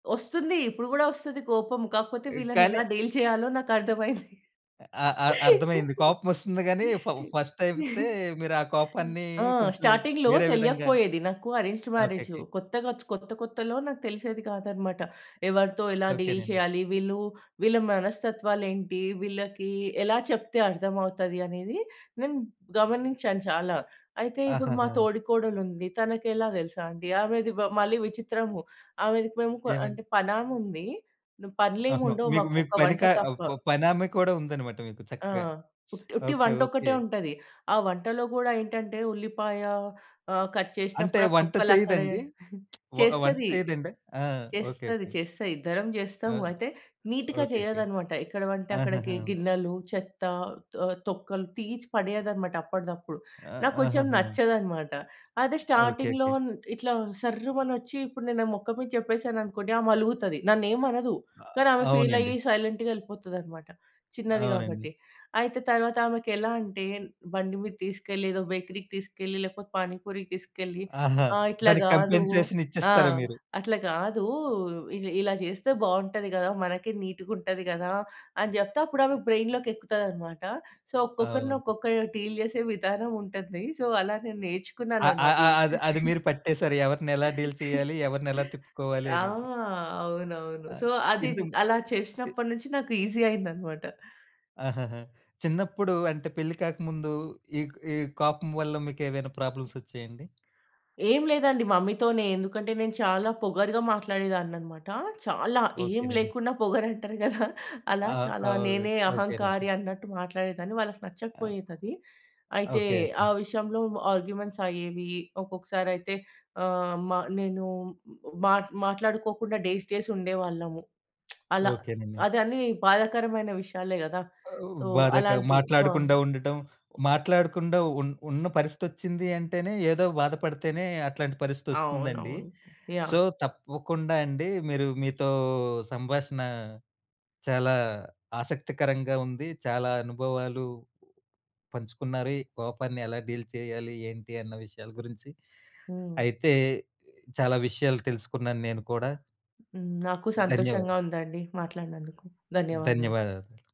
వస్తుంది. ఇప్పుడు కూడా వస్తది కోపం. కాకపోతే ఈ కానీ వీళ్ళనెలా డీల్ చేయాలో నాకర్థమైంది. ఆ! ఆ! అర్థమయింది. కోపమొస్తుంది గాని, ఫ ఫస్ట్ అయితే మీరా కోపాన్ని ఆ! కొంచెం స్టార్టింగ్‌లో వేరే విధంగా తెలియకపోయేది నాకు అరేంజ్డ్ మ్యారేజు ఓకేకే. కొత్తగా, కొత్త కొత్తలో నాకు తెలిసేది కాదన్నమాట. ఎవరితో ఎలా డీల్ ఓకేనండి. చేయాలి? వీళ్ళు వీళ్ళ మనస్తత్వాలేంటి వీళ్ళకి, ఎలా చెప్తే అర్థం అవుతది? అనేది నేను గమనించాను చాలా. అయితే ఇప్పుడు మా ఆహహా! తోడికోడలుంది, తనకెలా తెలుసా అండి? ఆమెది బ మళ్ళీ విచిత్రము. ఆమెది పేముప ఏమండి? అంటే పనామె ఉంది. ఓహో! పనులేముండవు మీకు మాకు మీకు ఒక పని వంట కా తప్ప. ప పనామె కూడా ఉందన్నమాట మీకు ఆ! చక్కగా. ఉ ఉట్టి ఓకే వంట ఓకే. ఒక్కటే ఉంటది. ఆ వంటలో కూడా ఏంటంటే, ఉల్లిపాయ ఆహ్, కట్ అంటే చేషినప్పుడు ఆ వంట తొక్కలక్కడే చెయ్యదండి? వ వంట చేస్తది. చేయదండి? ఆ! ఓకే, చేస్తది, ఓకే. చేస్తది. ఇద్దరం చేస్తం. ఆ! అయితే నీట్‌గా ఓకేకే. చేయదన్నమాట. ఎక్కడ వంటే అక్కడికి గి ఆహాహా! గిన్నెలు చెత్త, తొ తొక్కలు తీసి పడేయదన్నమాట అప్పటిదప్పుడు. ఆహ్, నాకు కొంచెం ఆహాహా! నచ్చదన్నమాట అదే ఓకే. స్టార్టింగ్‌లో ఓకే. ఇట్లా సర్రుమనొచ్చి ఇప్పుడు నేను నా మొఖం మీద చెప్పేసాననుకోండి ఆమె అలుగుతది. నన్నేం అనదు. ఆ! కానీ ఆమె ఫీల్ అవునండీ. అయ్యి సైలెంట్‌గా ఎళ్ళిపోతదన్నమాట చిన్నది అవునండి. కాబట్టి. అయితే తర్వాత ఆమెకెలా అంటే, బండి మీద తీసుకెళ్ళి ఏదో బేకరీకి తీసుకెళ్ళి, లేకపోతే పానీపూరికి తీసుకెళ్ళి ఆహా! ఆహ్, ఇట్లా దానికి గాదు. కన్ఫెషన్స్ ఆ! ఇచ్చేస్తారా మీరు? అట్లా గాదు ఇ ఇలా చేస్తే బాగుంటది కదా! మనకే నీటుగుంటది కదా! అని చెప్తే అప్పుడు ఆమె. బ్రైన్‌లోకెక్కుతాదన్నమాట సో, ఒక్కొక్కరిని అవును. ఒక్కొక్కరు డీల్ చేసే విధానం ఉంటుంది సో, అలా నేను అ అ నేర్చుకున్నానన్నమాట అ ఇది. అది అది మీరు పట్టేసారు. ఎవరినెలా డీల్ చేయాలి? ఎవరినెలా తిప్పుకోవాలి ఆ! అనేసి. అవునవును. ఆ! సో, అదిన్ ఇంతకు అలా ఈ చేసినప్పటి నుంచి నాకు ఈజీ అయిందన్నమాట. ఆహాహా! చిన్నప్పుడు అంటే పెళ్లి కాకముందు ఈ ఈ కోపం వల్ల మీకేమైనా ప్రాబ్లమ్స్ వచ్చాయండి? ఏమి లేదండి మమ్మీతోనే. ఎందుకంటే, నేను చాలా పొగరుగా మాట్లాడేదాన్నన్నమాట. చాలా ఏమి ఓకేనండి. లేకున్నా పొగరంటారు కదా! అలా ఆ! చాలా ఆహ్, నేనే ఓకేనండి. అహంకారి అన్నట్టు మాట్లాడేదాన్ని. వాళ్ళకి ఆ! నచ్చకపోయేదది. అయితే ఓకే. ఆ ఓకే. విషయంలో ఆర్గ్యుమెంట్స్ అయ్యేవి. ఒక్కొక్కసారయితే ఆహ్, మ నేను మా మాట్లాడుకోకుండా డేస్ డేస్ ఉండేవాళ్ళము. అలా ఓకేనండి. అది అన్ని బాధాకరమైన విషయాలే గదా! ఓహ్, సో, బాధక అలాంటి ప్రొబ్ మాట్లాడకుండా ఉండటం. మాట్లాడకుండా ఉన్ ఉన్న పరిస్థితొచ్చిందంటేనే ఏదో బాధపడితేనే అట్లాంటి పరిస్థితొస్తుందండి. అవునవును. So, yeah! తప్పకుండా అండి, మీరు మీతో సంభాషణ చాలా ఆసక్తికరంగా ఉంది. చాలా అనుభవాలు పంచుకున్నారు. ఈ కోపాన్ని ఎలా డీల్ చేయాలి, ఏంటి? అన్న విషయాల గురించి. హ్మ్. అయితే ఆహ్, చాలా విషయాలు తెలుసుకున్నాను నేను కూడా. హ్మ్. నాకు ధన్యవా సంతోషంగా ఉందండి మాట్లాడినందుకు. ధన్యవాదాలు. ధన్యవాదాలు.